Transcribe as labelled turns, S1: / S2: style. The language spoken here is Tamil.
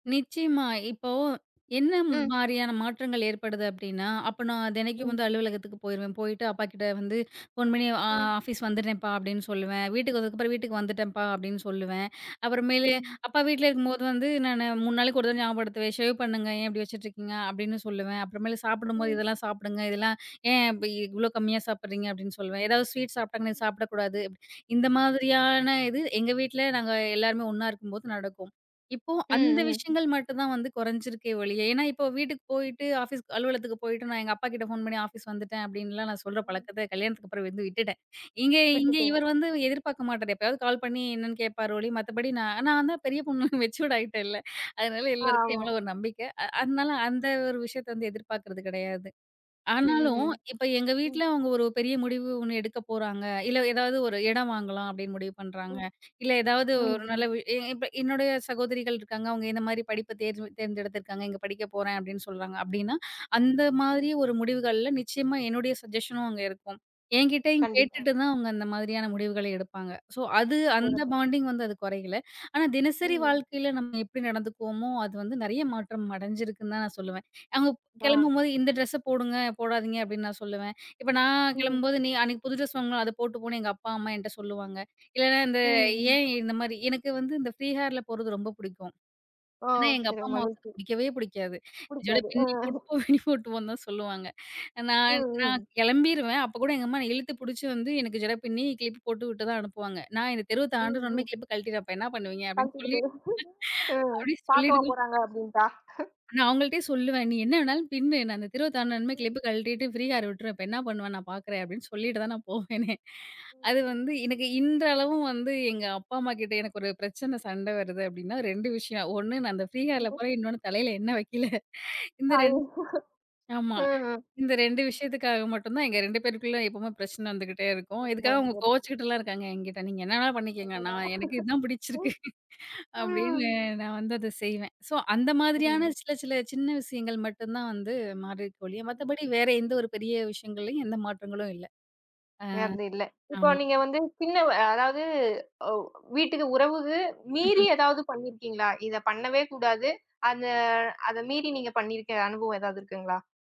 S1: நிச்சயமா. இப்போ என்ன
S2: ம்.
S1: மாரியான மாற்றங்கள் ஏற்படுது அப்டின்னா, அப்ப நான் தெனைக்கும்
S2: ம்.
S1: வந்து அலுவலகத்துக்குப் போயிருவேன். போயிட்டு அப்பாகிட்ட வந்து ஃபோன் பண்ணி அ
S2: ம்.
S1: "ஆஃபிஸ் வந்துடுரேன்ப்பா" அப்டின்னு சொல்லுவேன். வீட்டுக்கு வந்ததுக்கப்பறம் "வீட்டுக்கு
S2: ம்.
S1: வந்துட்டேன்ப்பா" அப்டின்னு சொல்லுவேன். அப்பறமேலு
S2: ம்,
S1: அப்பா வீட்ல
S2: ம்.
S1: இருக்கும்போது வந்து நானு 3 நாளுக்கு ஒரு தடவ ஞாபகப்படுத்துவேன். "சேவ் பண்ணுங்க! ஏன் இப்டி வச்சிட்ருக்கீங்க" அப்டின்னு சொல்லுவேன். அப்பறமேலு, சாப்புடும்போது
S2: ம்.
S1: "இதெல்லாம் சாப்டுங்க. இதெல்லாம். ஏன் பி
S2: ம்.
S1: இவ்ளோ கம்மியா சாப்பிட்றீங்க" அப்டின்னு சொல்லுவேன். ஏதாவது ஸ்வீட் சாப்பட்டாங்கன்னா
S2: ம்.
S1: "சாப்டக்கூடாது." இந்த
S2: ம்.
S1: மாதிரியான இது, எங்க வீட்ல நாங்க எல்லாருமே ஒண்ணா இருக்கும்போது நடக்கும். இப்போ அந்த
S2: ம், ம்.
S1: விஷயங்கள் மட்டுந்தான் வந்து குறைஞ்சிருக்கே ஒழிய ஏன்னா, இப்போ வீட்டுக்கு போயிட்டு, ஆஃபிஸ் அலுவலகத்துக்கு போயிட்டு நான் எங்க அப்பாகிட்ட ஃபோன் பண்ணி "ஆஃபிஸ் வந்துட்டேன்" அப்டின்லாம் நான் சொல்ற
S2: ம்.
S1: பழக்கத்த கல்யாணத்துக்கு அப்பறம் வந்து விட்டுட்டேன். எங்க இங்க
S2: விட்டுப்போக.
S1: இவர் வந்து எதிர்பார்க்க மாட்டாரு. எப்பயாவது கால் பண்ணி என்னன்னு கேட்பாரு ஒழிய, மத்தபடி
S2: ம்.
S1: நான், நான் தான் பெரிய பொண்ணு மெச்சூர்டு ஆயிட்டேன்ல. அதனால
S2: ஆ,
S1: எல்லாருக்கும்
S2: ஆமா. ம்.
S1: எம்மேல ஒரு நம்பிக்கை. அ அதனால அந்த
S2: ம்.
S1: ஒரு விஷயத்த வந்து எதிர்பார்க்குறது கிடையாது.
S2: ம், ம்,
S1: ஆனாலும்
S2: ம்.
S1: இப்ப எங்க
S2: ம்.
S1: வீட்ல அவங்க ஒரு பெரிய முடிவு ஒண்ணு எடுக்கப்போறாங்க. இல்ல ஏதாவது ஒரு இடம் வாங்கலாம் அப்டின்னு முடிவு பண்றாங்க.
S2: ம்.
S1: இல்ல ஏதாவது
S2: ம்,
S1: ஒரு
S2: ம்.
S1: நல்ல வி எ இப்ப என்னுடைய சகோதரிகள் இருக்காங்க. அவங்க இந்த மாதிரி படிப்ப தேர்வு தேர்ந்தெடுத்து இருக்காங்க. "இங்க படிக்கப்போறேன்." அப்டின்னு சொல்றாங்க அப்டின்னா,
S2: ம்.
S1: அந்த
S2: ம்.
S1: மாதிரியான முடிவுகள்ல நிச்சயமா என்னுடைய சஜ்ஜஷனும் அங்க இருக்கும். என்கிட்டயும்
S2: கண்டிப்பா.
S1: கேட்டுட்டு தான்
S2: அ.
S1: அவங்க அந்த மாதிரியான முடிவுகள எடுப்பாங்க. சோ அது அந்த
S2: போடப்போறேன்.
S1: பாண்டிங் வந்து அது குறையல. ஆனா தினசரி
S2: ம்.
S1: வாழ்க்கையில நம்ம எப்படி நடந்துக்கோவோமோ, அது வந்து நிறையா மாற்றம் அடைஞ்சிருக்குன்னு தான் நான் சொல்லுவேன். அவங்க
S2: அ.
S1: கிளம்பும்போது "இந்த ட்ரெஸ் போடுங்க, போடாதீங்க" அப்டின்னு நான்
S2: ம்.
S1: சொல்லுவேன். இப்ப நான்
S2: ம்.
S1: கிளம்பும்போது "நீ அன்னைக்கு புது ட்ரெஸ் வாங்குன, அதப் போட்டுப் போன்னு." எங்க அப்பா, அம்மா என்ட்ட சொல்லுவாங்க. இல்லனா இந்த
S2: ம், ம்.
S1: ஏன் இந்த மாரி, எனக்கு வந்து இந்த ஃப்ரீ ஹேர்ல போறது ரொம்ப பிடிக்கும்.
S2: ஓ.
S1: ஏனா எங்க
S2: சிற
S1: அப்பா, அம்மாவுக்கு அது
S2: மகிழ்ச்சி.
S1: பிடிக்கவே பிடிக்காது. ஜட
S2: புடிக்காது. அ.
S1: பின்னி போட்டு, பின்னி போட்டுப் போன்னு தான் சொல்லுவாங்க.
S2: ம்.
S1: நான், நான்
S2: ம்.
S1: கிளம்பிருவேன். அப்பக் கூட எங்க அம்மா என்ன இழுத்துப் புடிச்சி வந்து, எனக்கு ஜட பின்னி க்ளிப் போட்டுவிட்டு தான் அனுப்புவாங்க. "நான் இந்தத் தெருவ
S2: ம்,
S1: தாண்டுன
S2: ம்.
S1: உடனே கிளிப்ப கழட்டிவப்பேன்! அப்ப என்ன பண்ணுவீங்க?" அப்டின்னு
S2: கழட்டிட்டு
S1: சொல்லி.
S2: போயிரு. அ
S1: அப்படி சொல்லிட்டு
S2: பாக்கவா
S1: தான்
S2: போறாங்க. அப்டின்ட்டா. ஹ.
S1: நான் அவங்கள்டயே சொல்லுவேன். "நீ என்ன வேணாலும் பின்னு. நான் அந்த தெருவ தாண்டுனதுமே
S2: ம்.
S1: கிளிப்ப கழட்டிட்டு ஃப்ரீ ஹேர் விட்டுருவேன் இப்ப என்ன பண்ணுவன்னு நான் பாக்குறேன்" அப்டின்னு சொல்லிட்டு தான் நான் போவேனே!
S2: ம்.
S1: அது
S2: ம்.
S1: வந்து, எனக்கு இன்றளவும் வந்து எங்க அப்பா, அம்மா கிட்ட எனக்கு ஒரு பிரச்சன, சண்ட வருது அப்டின்னா 2 விஷயம். ஒண்ணு நான் அந்த ஃப்ரீ ஹேர்ல
S2: [unintelligible]
S1: போறேன். இன்னொன்னு தலையில எண்ணெய் வைக்கில. இந்த ரெண்
S2: ஐயயோ!
S1: ஆமா.
S2: அ, அ.
S1: இந்த 2
S2: ம்,
S1: விஷயத்துக்காக மட்டும் தான் எங்க 2 பேத்துக்குள்ள எப்பவுமே பிரச்சனை வந்துகிட்டே இருக்கும்.
S2: பிரச்சனை
S1: இதுக்காக அவங்க
S2: வந்துட்டே இருக்கு.
S1: கோச்சுக்கிட்டுலாம் இருக்காங்க என்கிட்ட. "நீங்க என்ன வேணா பண்ணிக்குங்க.
S2: அடடா!
S1: நான் எனக்கு இது தான்
S2: ம்.
S1: பிடிச்சிருக்கு." அப்டின்னு,
S2: ம்.
S1: நான் வந்து அத செய்வேன். சோ அந்த
S2: ம்.
S1: மாதிரியான
S2: [unintelligible]
S1: சில, சில சின்ன விஷயங்கள் மட்டுந்தான் வந்து மாறிருக்கே ஒழிய,
S2: ம்.
S1: மத்தபடி வேற எந்த ஒரு பெரிய விஷயங்கள்லயும் எந்த மாற்றங்களும் இல்ல. அ.
S2: அது இல்ல. இப்போ
S1: ஆமா.
S2: நீங்க வந்து சின்னவ அதாவது. ஒ வீட்டுக்கு உறவுக்கு மீறி
S1: ம்ஹ்ம்.
S2: எதாவது பண்ணிருக்கீங்களா? இதப் பண்ணவே கூடாது. அந்த அத மீறி நீங்கப் பண்ணிருக்க அனுபவம் ஏதாவது இருக்குங்களா?